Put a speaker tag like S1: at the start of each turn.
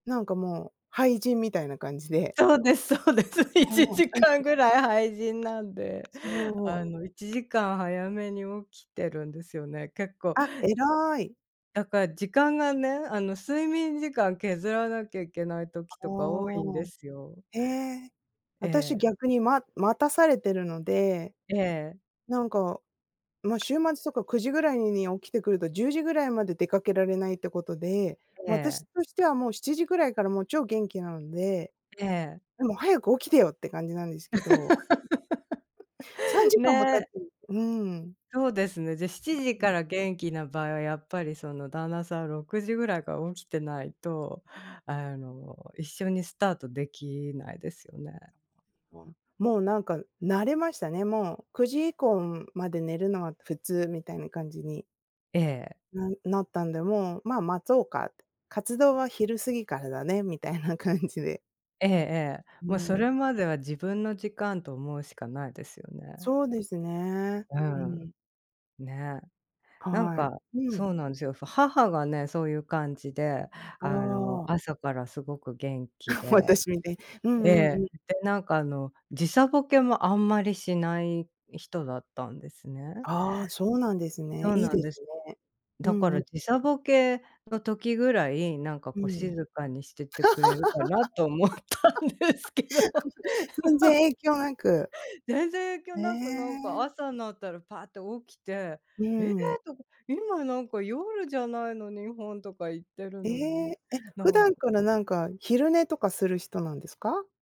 S1: なんかもう、廃人みたいな感じで。
S2: そうです、そうです。1時間
S1: [unintelligible]
S2: ぐらい廃人なんで、
S1: そう。
S2: あの、1時間早めに起きてるんですよね、結構。
S1: あ、偉い。
S2: だから時間がね、あの、睡眠時間削らなきゃいけない時
S1: あ
S2: とか多いんで
S1: あ、
S2: すよ。
S1: ええ、
S2: え
S1: 私
S2: え。
S1: 逆にま待たされてるので、
S2: ええ。
S1: なんか、まあ、週末とか9時ぐらいに起きてくると、10時ぐらいまで出かけられないってことで、
S2: え
S1: まあ、私
S2: え。
S1: としては、もう7時ぐらいからもう超元気なので、
S2: ええ。
S1: でも早く起きてよって感じなんですけど。さん じかんも経っ
S2: ね。
S1: てるうん。
S2: そうですね、で7時か
S1: [unintelligible]
S2: ら元気な場合は、やっぱりその旦那さん6時ぐらいから起きてないと、あの、一緒にスタートできないですよね。
S1: ああ、もうなんか、慣れましたね、もう、9時以降まで寝るのは普通みたいな感じに
S2: ええ。
S1: なったんで、もう、まあ、待とうかって、活動は昼過ぎからだね、みたいな感じで。
S2: ええええ、
S1: う
S2: もうそ
S1: ん。
S2: れまでは、自分の時間と思うしかないですよね。
S1: そうですね、
S2: う
S1: う
S2: ん。
S1: ん。
S2: ね。なん
S1: はい、
S2: か、
S1: う
S2: そ
S1: ん。
S2: うなんですよ、母がね、そういう感じで、
S1: あ
S2: あの、
S1: あ。
S2: 朝からすごく元気で。
S1: 私みたい。うんう
S2: え
S1: んう
S2: え、
S1: ん。
S2: で、なんかあの、時差ボケもあんまりしない人だったんですね。
S1: ああ、そうなんです
S2: そ
S1: ね。
S2: う
S1: いい
S2: なん
S1: です
S2: です。
S1: ね。う
S2: だか
S1: んう
S2: ら
S1: ん。
S2: 時差
S1: [unintelligible]
S2: ボケの時ぐらい、なんか
S1: う
S2: こう静
S1: ん。
S2: かにしててくれるかなと思ったんですけど。
S1: 全然 影響なく。
S2: 全然影響
S1: へ
S2: なく、なんか
S1: え。
S2: 朝になったらパッと起きて、
S1: う
S2: ええ、
S1: ん。
S2: とか、今なんか夜じゃないの日本とか、言ってる
S1: え
S2: のに、
S1: え、え、
S2: な
S1: 普
S2: ん
S1: 段
S2: か
S1: からなんか、昼寝とかする人なんですか？